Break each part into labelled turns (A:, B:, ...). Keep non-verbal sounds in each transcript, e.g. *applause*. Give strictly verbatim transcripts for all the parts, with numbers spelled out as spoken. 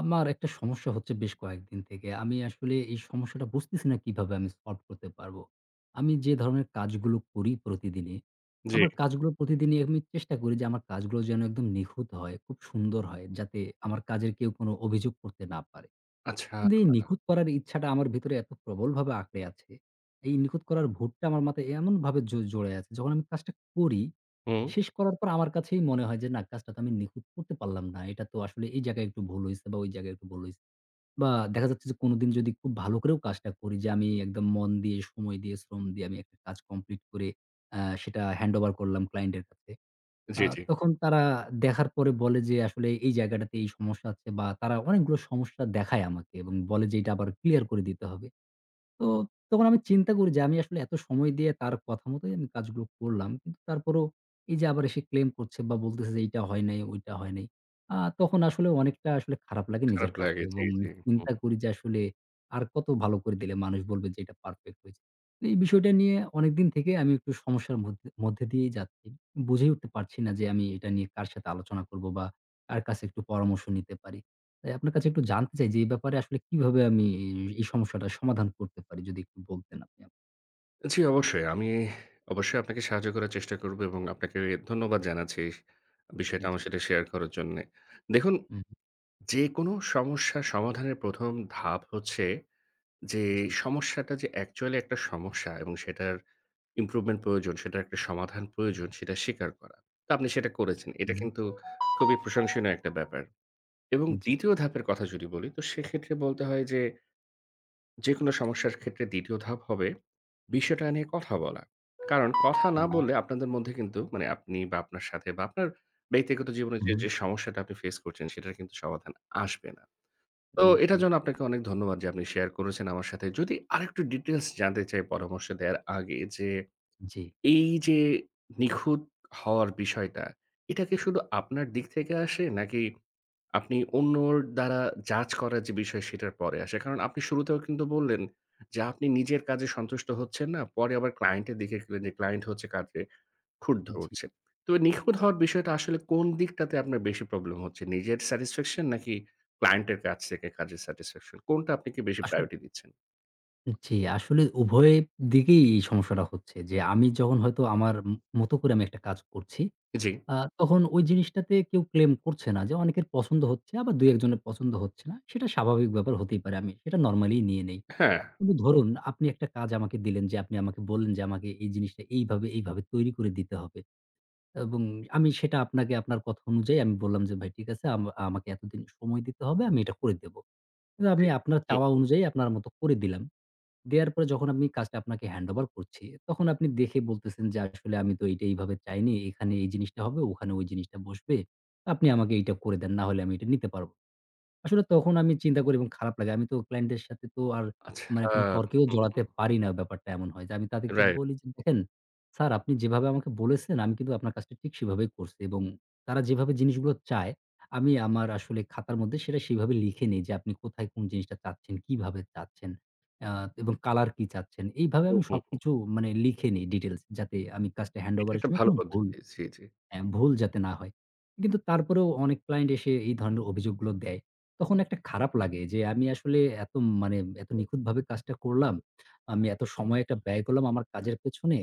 A: আমার একটা সমস্যা হচ্ছে বেশ কয়েকদিন থেকে, আমি আসলে এই সমস্যাটা বুঝতেছি না কিভাবে আমি solve করতে পারবো? আমি যে ধরনের কাজগুলো করি প্রতিদিনে,
B: জি।
A: আমার কাজগুলো প্রতিদিনই আমি চেষ্টা করি যে আমার কাজগুলো যেন একদম নিখুঁত হয়, খুব সুন্দর হয়, যাতে আমার কাজের কেউ কোনো অভিযোগ করতে না পারে।
B: আচ্ছা।
A: কিন্তু এই নিখুঁত করার ইচ্ছাটা আমার ভেতরে এত প্রবলভাবে আঁকড়ে আছে, এই নিখুঁত করার ভূতটা আমার মাথায় এমনভাবে জ জড়ে আছে, যখন আমি কাজটা করি,
B: হুম।
A: শেষ করার পর আমার কাছেই মনে হয় যে না, কাজটা তো আমি নিখুঁত করতে পারলাম না। এটা তো আসলে এই জায়গায় একটু ভুল হয়েছে, বা ওই জায়গায় একটু ভুল হয়েছে, বা দেখা যাচ্ছে যে কোনোদিন যদি খুব ভালো করেও কাজটা করি যে, আমি একদম মন দিয়ে, সময় দিয়ে, শ্রম দিয়ে, আমি একটা কাজ complete করে অ্যা সেটা handover করলাম client এর কাছে। আ
B: জি, জি।
A: তখন তারা দেখার পরে বলে যে আসলে এই জায়গাটাতে এই সমস্যা আছে বা তারা অনেকগুলো সমস্যা দেখায় আমাকে এবং বলে যে এটা আবার clear করে দিতে হবে। তো তখন আমি চিন্তা করি যে, আমি আসলে এত সময় দিয়ে তার কথা মতোই আমি কাজগুলো করলাম, কিন্তু তারপরও এই যে আবার এসে claim করছে বা বলতেছে যে এইটা হয় নাই, ওইটা হয় নাই, আ তখন আসলে অনেকটা আসলে খারাপ লাগে নিজের
B: খারাপ
A: কাছে
B: লাগে, জি,
A: এবং
B: জি। হুম, হু।
A: চিন্তা করি যে, আসলে আর কতো ভালো করে দিলে মানুষ বলবে যে এটা perfect হয়েছে? এই বিষয়টা নিয়ে অনেকদিন থেকে আমি একটু সমস্যার মধ্যে মধ্যে দিয়েই যাচ্ছি। বুঝে উঠতে পারছি না যে আমি এটা নিয়ে কার সাথে আলোচনা করব? বা কার কাছে একটু পরামর্শ নিতে পারি? তাই আপনার কাছে একটু জানতে চাই যে এই ব্যাপারে আসলে কিভাবে আমি ই এই সমস্যাটার সমাধান করতে পারি? যদি একটু বলতেন আপনি আম
B: জি অবশ্যই। আমি *sighs* অবশ্যই আপনাকে সাহায্য করার চেষ্টা করব এবং আপনাকে ধন্যবাদ জানাচ্ছি বিষয়টা আমার
A: জি।
B: সাথে শেয়ার করার জন্যে। দেখুন,
A: উ হুম।
B: যেকোনো সমস্যার সমাধানের প্রথম ধাপ হচ্ছে যে,
A: জি।
B: সমস্যাটা যে actually একটা সমস্যা এবং সেটার improvement প্রয়োজন, সেটার একটা সমাধান প্রয়োজন, সেটা স্বীকার করা। তো আপনি সেটা করেছেন।
A: উ
B: এটা
A: হুম।
B: কিন্তু খুবই প্রশংসনীয় একটা ব্যাপার। এবং
A: জি।
B: দ্বিতীয় ধাপের কথা যদি বলি, তো সেক্ষেত্রে বলতে হয় যে, যেকোনো সমস্যার ক্ষেত্রে দ্বিতীয় ধাপ হবে বিষয়টা নিয়ে কথা বলা। কারণ কথা না
A: হুম।
B: বললে, আপনাদের মধ্যে কিন্তু, মানে আপনি বা, আপনার সাথে বা আপনার ব্যক্তিগত জীবনে
A: উ
B: যে,
A: হুম।
B: যে সমস্যাটা আপনি face করছেন, সেটার কিন্তু সমাধান আসবে না। তো
A: উম
B: এটার
A: জি।
B: জন্য আপনাকে অনেক ধন্যবাদ যে, আপনি শেয়ার করেছেন আমার সাথে। যদি আরেকটু details জানতে চাই পরামর্শ দেয়ার আগে যে,
A: জি।
B: এই যে নিখুঁত হওয়ার বিষয়টা, এটা কি শুধু আপনার দিক থেকে আসে নাকি, আপনি অন্যর দ্বারা judge করার যে বিষয়, সেটার পরে আসে? কারণ আপনি শুরুতেও কিন্তু বললেন, যে আপনি নিজের কাজে সন্তুষ্ট হচ্ছেন না। পরে আবার ক্লায়েন্টের দিকে গেলে ক্লায়েন্ট হচ্ছে কাজে খুঁত
A: জি।
B: ধরছে। তো এ নিখুঁত হওয়ার বিষয়টা আসলে কোন দিকটাতে আপনার বেশি problem হচ্ছে? নিজের satisfaction নাকি ক্লায়েন্টের কাছ থেকে কাজের satisfaction? কোনটা আপনি কী বেশি
A: আসল
B: priority দিচ্ছেন?
A: জি, আসলে উভয় দিকেই এই সমস্যাটা হচ্ছে যে আমি যখন হয়তো আমার মতো করে আমি একটা কাজ করছি,
B: জি।
A: আ তখন ওই জিনিসটাতে কেউ claim করছে না, যে অনেকের পছন্দ হচ্ছে বা, দুই-এক জনের পছন্দ হচ্ছে না। সেটা স্বাভাবিক ব্যাপার হতেই পারে। আমি সেটা normally -ই নিয়ে নেই।
B: হ্যাঁ।
A: কিন্তু ধরুন আপনি একটা কাজ আমাকে দিলেন যে আপনি আমাকে বললেন যে আমাকে এই জিনিসটা এইভাবে, এইভাবে তৈরি করে দিতে হবে এবং আমি সেটা আপনাকে আপনার কথা অনুযায়ী আমি বললাম যে ভাই ঠিক আছে আমা আমাকে এতদিন সময় দিতে হবে, আমি এটা করে দেব। কিন্তু
B: জি।
A: আমি আপনার
B: হুম।
A: চাওয়া অনুযায়ী আপনার মতো করে দিলাম। দেয়ার পরে যখন আমি কাজটা আপনাকে handover করছি তখন আপনি দেখে বলতেছেন যে আসলে আমি তো এইটা এইভাবে চাইনি। এখানে এই জিনিসটা হবে, ওখানে ওই জিনিসটা বসবে। আপনি আমাকে এইটা করে দেন, না হলে আমি এটা নিতে পারব না। আসলে তখন আমি চিন্তা করি এবং খারাপ লাগে। আমি তো client-দের সাথে তো আর
B: আচ্ছা।
A: মানে কোনো তরকেও
B: হুম,
A: জড়াতে
B: হুম।
A: পারি না। ব্যাপারটা এমন হয় যে আমি তাদেরকে
B: Right।
A: বলি যে দেখেন স্যার, আপনি যেভাবে আমাকে বলেছেন আমি কিন্তু আপনার কাজটা ঠিক সেভাবেই করছি এবং তারা যেভাবে জিনিসগুলো চায় আমি আমার আসলে খাতার মধ্যে সেটা সেইভাবে লিখে নিই যে আপনি কোথায় কোন জিনিসটা চাচ্ছেন, কিভাবে চাচ্ছেন অ্যা এবং color কি চাচ্ছেন। এইভাবে
B: হুম,
A: আমি
B: হুম, হুম।
A: সবকিছু মানে লিখে নিই details যাতে আমি কাজটা
B: এটা
A: handover এর
B: একটা
A: সময়
B: ভালো
A: কোনো ভুল
B: পদ্ধতি। জি, জি।
A: হ্যাঁ, ভুল যাতে না হয়। কিন্তু তারপরেও অনেক client এসে এই ধরনের অভিযোগগুলো দেয়। তখন একটা খারাপ লাগে যে আমি আসলে এত মানে, এত নিখুঁতভাবে কাজটা করলাম, আমি এত সময় এটা ব্যয় করলাম আমার কাজের পেছনে,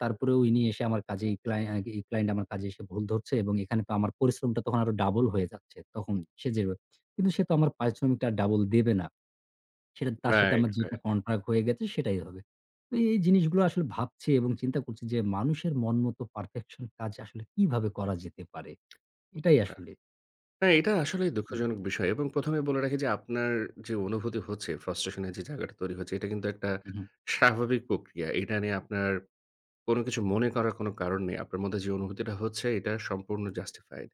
A: তারপরেও উনি এসে আমার কাজে এই client এই client আমার কাজে এসে ভুল ধরছে এবং এখানটা আমার পরিশ্রমটা তখন আরও double হয়ে যাচ্ছে তখন সে যেভাবে। কিন্তু সে তো আমার পরিশ্রমটা আর double দেবে না। সেটা তার সাথে
B: Right,
A: আমার যেটা
B: right।
A: contract হয়ে গেছে সেটাই হবে। তো এই জিনিসগুলো আসলে ভাবছি এবং চিন্তা করছি যে মানুষের মন মতো perfection কাজ আসলে কিভাবে করা যেতে পারে? এটাই
B: আচ্ছা
A: আসলে।
B: হ্যাঁ, এটা আসলেই
A: *unintelligible*
B: দুঃখজনক বিষয় এবং প্রথমেই বলে রাখি যে আপনার যে অনুভূতি হচ্ছে frustration -এর যে জায়গাটা তৈরি হচ্ছে এটা কিন্তু একটা
A: হুম, হুম।
B: স্বাভাবিক প্রক্রিয়া। এটা নিয়ে আপনার কোন কিছু মনে করার কোন কারণ নেই। আপনার মধ্যে যে অনুভূতিটা হচ্ছে এটা সম্পূর্ণ justified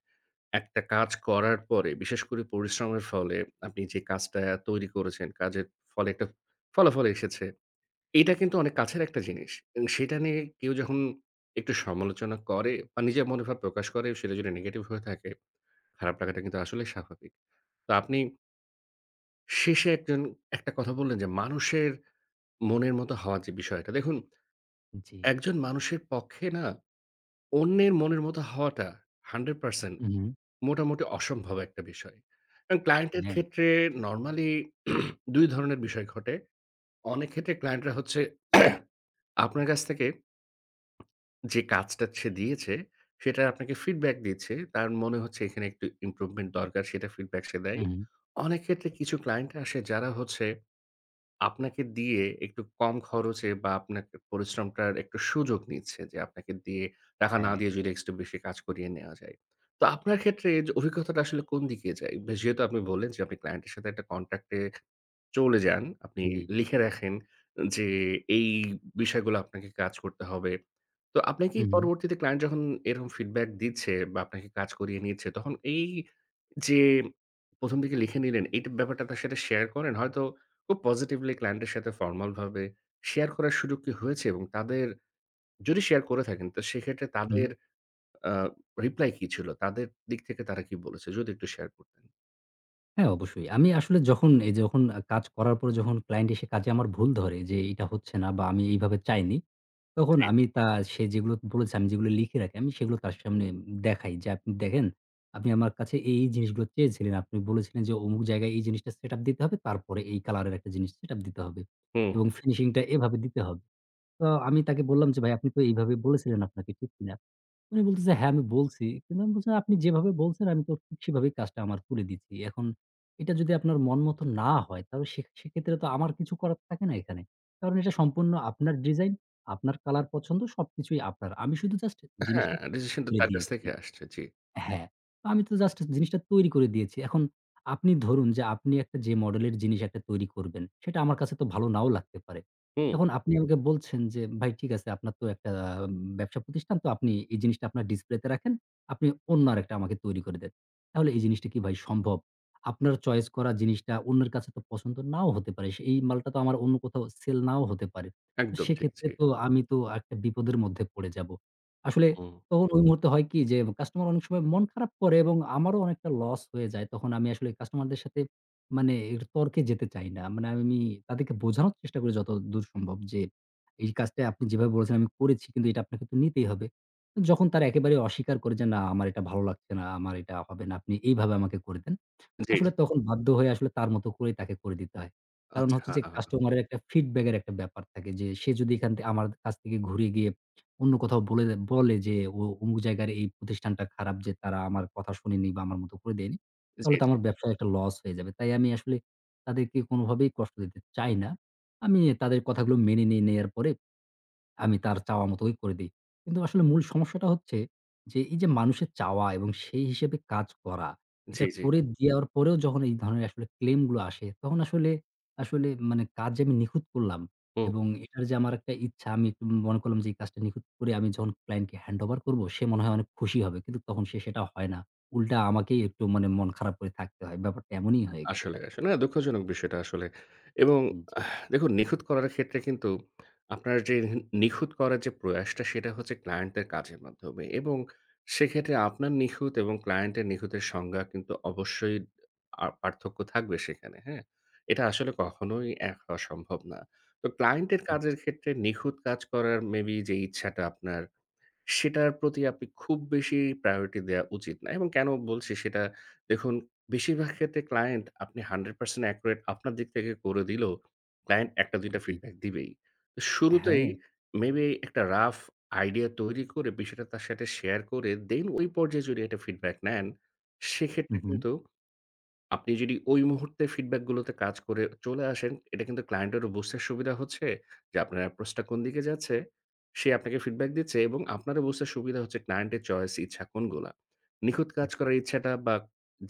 B: একটা কাজ করার পরে বিশেষ করে পরিশ্রমের ফলে আপনি যে কাজটা তৈরি করেছেন, কাজের ফলে একটা ফলাফল এসেছে। এটা কিন্তু অনেক কাছের একটা জিনিস এবং সেটা নিয়ে কেউ যখন একটু সমালোচনা করে বা, নিজের মনোভাব প্রকাশ করে সেটা যদি negative হয়ে থাকে, খারাপ লাগাটা কিন্তু আসলেই স্বাভাবিক। তো আপনি। শেষে একজন একটা কথা বললেন যে মানুষের মনের মত হওয়া যে বিষয়টা। দেখুন
A: জি।
B: একজন মানুষের পক্ষে না অন্যের মনের মত হওয়াটা hundred percent
A: হু, হু।
B: মোটামুটি অসম্ভব একটা বিষয়। কারণ client এর
A: হ্যাঁ।
B: ক্ষেত্রে normally *clears throat* দুই ধরনের বিষয় ঘটে। অনেক ক্ষেত্রে client-রা হচ্ছে *clears throat* আপনার কাছ থেকে যে কাজটা সে দিয়েছে সেটার আপনাকে feedback দিয়েছে। তার মনে হচ্ছে এখানে একটু improvement দরকার সেটা feedback সে
A: হু,
B: দেয়।
A: হু।
B: অনেক ক্ষেত্রে কিছু client আসে যারা হচ্ছে আপনাকে দিয়ে একটু কম খরচে বা আপনার পরিশ্রমটার একটু সুযোগ নিচ্ছে যে আপনাকে দিয়ে, টাকা না
A: হ্যাঁ।
B: দিয়ে যদি একটু বেশি কাজ করিয়ে নেওয়া যায়। তো আপনার ক্ষেত্রে এই অভিজ্ঞতাটা আসলে কোন দিকে যায়? যেহেতু আপনি বললেন যে আপনি client এর সাথে একটা contract এ চলে যান। আপনি
A: জি।
B: লিখে রাখেন যে এই বিষয়গুলো আপনাকে কাজ করতে হবে। তো আপনাকেই
A: হুম।
B: পরবর্তীতে client যখন এরকম feedback দিচ্ছে বা আপনাকে কাজ করিয়ে নিচ্ছে তখন এই যে প্রথম থেকে লিখে নিলেন এই ব্যাপারটা তার সাথে share করেন। হয়তো খুব positively client এর সাথে formal ভাবে share করার সুযোগ কি হয়েছে এবং তাদের যদি share করে থাকেন তো সেক্ষেত্রে
A: হু।
B: তাদের, আ reply কি ছিল? তাদের দিক থেকে তারা কি বলেছে যদি একটু share করতেন।
A: হ্যাঁ, অবশ্যই। আমি আসলে যখন, এই যে যখন আ কাজ করার পরে যখন ক্লায়েন্ট এসে কাজে আমার ভুল ধরে যে এইটা হচ্ছে না বা আমি এইভাবে চাইনি। তখন
B: জি।
A: আমি তা সে যেগুলো বলেছে আমি যেগুলো লিখে রাখি আমি সেগুলো তার সামনে উম দেখাই যে, "আপনি দেখেন আপনি আমার কাছে এই, এই জিনিসগুলো চেয়েছিলেন। আপনি বলেছিলেন যে অমুক জায়গায় এই জিনিসটা সেট-আপ দিতে হবে তারপরে এই কালার এর একটা জিনিস সেট-আপ দিতে হবে
B: হুম।
A: এবং ফিনিশিংটা এভাবে দিতে হব।" তো আমি তাকে বললাম যে, "ভাই আপনি তো এইভাবে বলেছিলেন আপনাকে, ঠিক কিনা?" উনি বলতেছে, "হ্যাঁ আমি বলছি।" কিন্তু আমি বলছি "আপনি যেভাবে বলছেন আমি তো ঠিক সেভাবেই কাজটা আমার করে দিছি এখন এটা যদি আপনার মন মতো না হয় তাহলে সে সেক্ষেত্রে তো আমার কিছু করার থাকে না এখানে। কারণ এটা সম্পূর্ণ আপনার ডিজাইন, আপনার কালার পছন্দ সবকিছুই আপনার আমি শুধু জাস্ট
B: হ্যাঁ,
A: জিনিসটা
B: রিজেকশন তো
A: করে
B: তার কাছ
A: দিয়েছি"
B: থেকে আসছে, জি।
A: হ্যাঁ, তো আমি তো জাস্ট জিনিসটা তৈরি করে দিয়েছি এখন আপনি ধরুন যে, আপনি একটা যে মডেল এর জিনিস একটা তৈরি করবেন সেটা আমার কাছে তো ভালো নাও লাগতে পারে।
B: হুম।
A: এখন আপনি আমাকে বলছেন যে, ভাই ঠিক আছে আপনার তো একটা উম ব্যবসা প্রতিষ্ঠান তো আপনি এই জিনিসটা আপনার ডিসপ্লেতে রাখেন, আপনি অন্য আরেকটা আমাকে তৈরি করে দেন। তাহলে এই জিনিসটা কি ভাই সম্ভব? আপনার চয়েস করা জিনিসটা অন্যের কাছে তো পছন্দ নাও হতে পারে, সেই মালটা তো আমার অন্য কোথাও সেল নাও হতে পারে
B: একদম ঠিক।
A: সেক্ষেত্রে
B: জি।
A: তো আমি তো একটা বিপদের মধ্যে পড়ে যাবো। আসলে
B: হুম।
A: তখন ওই মুহূর্তে হয় কি যে কাস্টমার অনেক সময় মন খারাপ করে এবং আমারও অনেকটা লস হয়ে যায় তখন আমি আসলে কাস্টমারদের সাথে মানে এটু তর্কে যেতে চাই না। মানে আমি নি তাদেরকে বোঝানোর চেষ্টা করি যতদূর সম্ভব যে, এই কাজটা আপনি যেভাবে বলেছেন আমি করেছি কিন্তু এটা আপনাকে তো নিতেই হবে। উ যখন তারা একেবারেই অস্বীকার করে যে, না আমার এটা ভালো লাগছে না, আমার এটা হবে না, আপনি এইভাবে আমাকে করে দেন।
B: জি,
A: আসলে
B: জি।
A: তখন বাধ্য হয়ে আসলে তার মতো করেই তাকে করে দিতে হয়। কারণ হচ্ছে যে
B: আচ্ছা।
A: কাস্টমার এর একটা ফিডব্যাক এর একটা ব্যাপার থাকে যে, সে যদি এখান থেকে আমার দ কাছ থেকে ঘুরে গিয়ে অন্য কোথাও বলে দ বলে যে, "ওয়া অমুক জায়গার এই প্রতিষ্ঠানটা খারাপ যে তারা আমার কথা শুনেনি বা আমার মতো করে দেয়নি।"
B: জি,
A: তাহলে তো
B: জি।
A: আমার ব্যবসায় একটা লস হয়ে যাবে তাই আমি আসলে তাদেরকে কোনোভাবেই কষ্ট দিতে চাই না আমি এ তাদের কথাগুলো মেনে নিয়ে নেয়ার পরে আমি তার চাওয়া মতোই করে দেই। কিন্তু আসলে মূল সমস্যাটা হচ্ছে যে, এই যে মানুষের চাওয়া এবং সেই হিসেবে কাজ করা এটা
B: জি, জি।
A: করে দিয়ার পরেও যখন এই ধরনের আসলে ক্লেইম গুলো আসে তখন আসলে আসলে মানে কাজ যে আমি নিখুঁত করলাম
B: হুম।
A: এবং এটার যে আমার একটা ইচ্ছা আমি একটু মনে করলাম যে এই কাজটা নিখুঁত করে আমি যখন ক্লায়েন্ট কে হ্যান্ডওভার করবো সে মনে হয় অনেক খুশি হবে কিন্তু তখন সে সেটা হয় না। উল্টা আমাকেই একটু মানে মন খারাপ করে থাকতে হয় ব্যাপারটা এমনই হয়ে গে
B: আসলে,
A: *unintelligible*
B: আসলে না দুঃখজনক বিষয়টা আসলে এবং
A: হু, জি।
B: দেখুন, নিখুঁত করার ক্ষেত্রে কিন্তু আপনার যে রেহেন নিখুঁত করার যে প্রয়াসটা সেটা হচ্ছে ক্লায়েন্টের কাজের মাধ্যমে এবং সেক্ষেত্রে আপনার নিখুঁত এবং ক্লায়েন্টের নিখুঁতের সংজ্ঞা কিন্তু অবশ্যই আ পার্থক্য থাকবে সেখানে, হ্যাঁ? এটা আসলে কখনোই এক হওয়া সম্ভব না। তো ক্লায়েন্টের
A: হুম।
B: কাজের ক্ষেত্রে নিখুঁত কাজ করার মেবি যেই ইচ্ছাটা আপনার সেটার প্রতি আপনি খুব বেশি প্রায়োরিটি দেওয়া উচিত না এবং কেনো বলছি সেটা দেখুন, বেশিরভাগ ক্ষেত্রে ক্লায়েন্ট আপনি hundred percent একুরেট আপনার দিক থেকে করে দিলেও ক্লায়েন্ট একটা-দুইটা
A: জি।
B: ফিডব্যাক দিবেই। তো শুরুতেই
A: হ্যাঁ।
B: মেবি একটা রাফ আইডিয়া তৈরি করে বিষয়টা তার সাথে শেয়ার করে দেন ওই পর্যায়ে যদি একটা ফিডব্যাক নেন
A: হু,
B: সেক্ষেত্রে
A: হু।
B: কিন্তু আপনি যদি ওই মুহূর্তে ফিডব্যাকগুলোতে কাজ করে চলে আসেন এটা কিন্তু ক্লায়েন্টেরও বুঝতে সুবিধা হচ্ছে যে, আপনার এপ্রোচটা কোন দিকে যাচ্ছে। সে আপনাকে ফিডব্যাক দিচ্ছে এবং আপনারও বুঝতে সুবিধা হচ্ছে ক্লায়েন্টের চয়েস, ইচ্ছা কোনগুলা। নিখুঁত কাজ
A: জি।
B: করার ইচ্ছাটা বা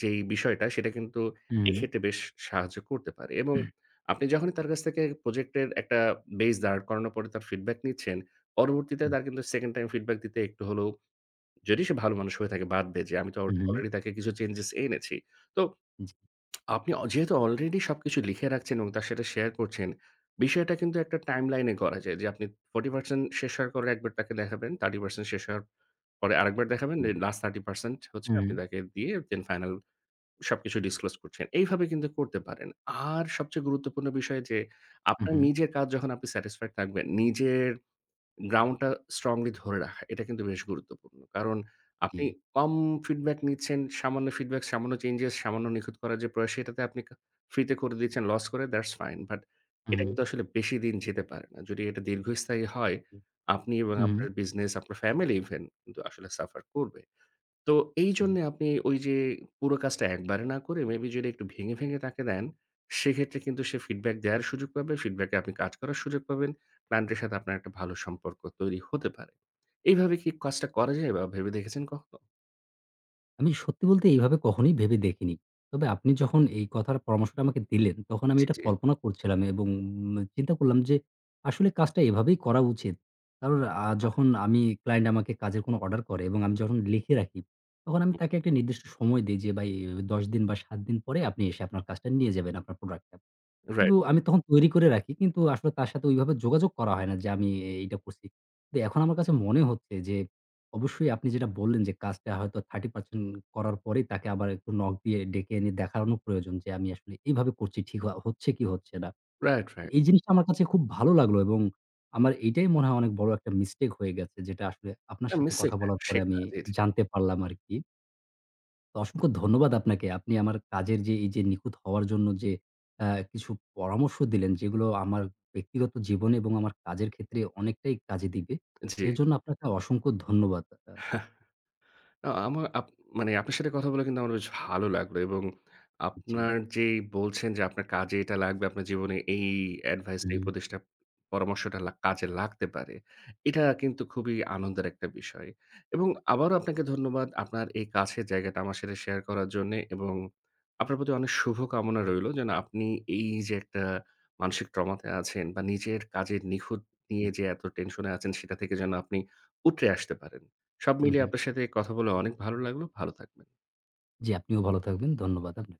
B: যেই বিষয়টা সেটা কিন্তু
A: হুম।
B: এক্ষেত্রে বেশ সাহায্য করতে পারে এবং
A: *clears throat*
B: আপনি যখনই তার কাছ থেকে প্রজেক্ট এর একটা বেইস দাড় করানোর পরে তার ফিডব্যাক নিচ্ছেন, পরবর্তীতে
A: *unintelligible*
B: তার কিন্তু সেকেন্ড টাইম ফিডব্যাক দিতে একটু হলেও, যদি সে ভালো মানুষ হয়ে থাকে বাদ দেয় যে আমি তো
A: উহু।
B: অলরেডি তাকে কিছু চেঞ্জেস এনেছি। তো
A: জি।
B: আপনি অ যেহেতু অলরেডি সবকিছু লিখে রাখছেন এবং তার সাথে শেয়ার করছেন, বিষয়টা কিন্তু একটা টাইমলাইনে করা যায় যে আপনি forty percent শেষ হওয়ার পরে একবার তাকে দেখাবেন, thirty percent শেষ হওয়ার পরে আরেকবার দেখাবেন
A: এ
B: দেন লাস্ট thirty percent হচ্ছে আপনি
A: হুম।
B: তাকে দিয়ে দেন ফাইনাল সবকিছু ডিসক্লোস করছেন। এইভাবে কিন্তু করতে পারেন। আর সবচেয়ে গুরুত্বপূর্ণ বিষয় যে আপনার
A: উহু।
B: নিজের কাজ যখন আপনি স্যাটিস্ফাইড থাকবেন, নিজের গ্রাউন্ডটা স্ট্রংলি ধরে রাখা এটা কিন্তু বেশ গুরুত্বপূর্ণ। কারণ আপনি
A: জি।
B: কম ফিডব্যাক নিচ্ছেন, সামান্য ফিডব্যাক, সামান্য চেঞ্জেস, সামান্য নিখুঁত করার যে প্রয়াস সেটাতে আপনি কা ফ্রিতে করে দিচ্ছেন লস করে দ্যাটস ফাইন, বাট এটা
A: উহু।
B: কিন্তু আসলে বেশিদিন যেতে পারে না। যদি এটা দীর্ঘস্থায়ী হয়,
A: হু,
B: আপনি এবং
A: হু।
B: আপনার বিজনেস, আপনার ফ্যামিলি ইভেন কিন্তু আসলে সাফার করবে। তো
A: জি।
B: এইজন্যে আপনি ওই যে পুরো কাজটা একবারে না করে মেবি যদি একটু ভেঙে, ভেঙে তাকে দেন সেক্ষেত্রে কিন্তু সে ফিডব্যাক দেয়ার সুযোগ পাবে, ফিডব্যাকে এ আপনি কাজ করার সুযোগ পাবেন, ক্লায়েন্টের সাথে আপনার একটা ভালো সম্পর্ক তৈরি হতে পারে। এইভাবে কি কজটা করা যায় বা ভেবে দেখেছেন কখনো?
A: আমি সত্যি বলতে এইভাবে কখনোই ভেবে দেখিনি। তবে আপনি যখন এই কথার পরামর্শটা আমাকে দিলেন, তখন আমি
B: জি,
A: এটা
B: জি।
A: কল্পনা করছিলাম এবং চিন্তা করলাম যে, আসলে কাজটা এভাবেই করা উচিত। কারণ আ
B: আর
A: যখন আমি client আমাকে কাজের কোনো order করে এবং আমি যখন লিখে রাখি, তখন আমি
B: *unintelligible*
A: তাকে একটা নির্দিষ্ট সময় দেই যে; "ভাই, এভাবে দশ দিন বা, সাত দিন পরে আপনি এসে আপনার কাজটা নিয়ে যাবেন, আপনার প্রোডাক্টটা।"
B: রাইট।
A: কিন্তু আমি তখন তৈরি করে রাখি। কিন্তু আসলে তার সাথে ওইভাবে যোগাযোগ করা হয় না যে, আমি এই এইটা করছি। কিন্তু এখন আমার কাছে মনে হচ্ছে যে অবশ্যই আপনি যেটা বললেন যে, কাজটা হয়তো thirty percent করার পরেই তাকে আবার একটু knock দিয়ে ডেকে এনে দেখানো প্রয়োজন যে, আমি আসলে এইভাবে করছি। ঠিক আ হচ্ছে কী, হচ্ছে না।
B: Right, right.
A: এই জিনিসটা আমার কাছে খুব ভালো লাগলো এবং আমার এইটাই মনে হয় অনেক বড় একটা mistake হয়ে গেছে, যেটা আসলে আপনার
B: না
A: সাথে
B: মিসটেক
A: কথা
B: না,
A: বলার পরে আমি
B: শেখা। জি, জি।
A: জানতে পারলাম আরকি তো অসংখ্য ধন্যবাদ আপনাকে। আপনি আমার কাজের যে, এই যে নিখুঁত হওয়ার জন্য যে অ্যা কিছু পরামর্শ দিলেন, যেগুলো আমার ব্যক্তিগত জীবনে এবং আমার কাজের ক্ষেত্রে অনেকটাই কাজে দিবে।
B: জি।
A: এর জন্য আপনাকে অসংখ্য ধন্যবাদ আ
B: হেহ! আ আমা আপ মানে আপনার সাথে কথা বলে কিন্তু আমার বেশ ভালো লাগল, এবং
A: জি।
B: আপনার যেই বলছেন যে আপনার কাজে এটা লাগবে, আপনার জীবনে এই advice,
A: হুম,
B: এই
A: হুম।
B: উপদেশটা, পরামর্শটা লা কাজে লাগতে পারে, এটা কিন্তু খুবই আনন্দের একটা বিষয়। এবং আবারও আপনাকে ধন্যবাদ আপনার এই কাছের জায়গাটা আমার সাথে share করার জন্যে এবং আপনার প্রতি অনেক শুভকামনা রইল যেন আপনি এই যে একটা মানসিক ট্রমাতে আছেন বা নিজের কাজের নিখুঁত নিয়ে
A: জি।
B: যে এত টেনশেনে আছেন, সেটা থেকে যেন আপনি উৎরে আসতে পারেন। সব
A: উম
B: মিলিয়ে
A: হুম।
B: আপনার সাথে কথা বলে অনেক ভালো লাগলো। ভালো থাকবেন।
A: জি, আপনিও ভালো থাকবেন। ধন্যবাদ আপনা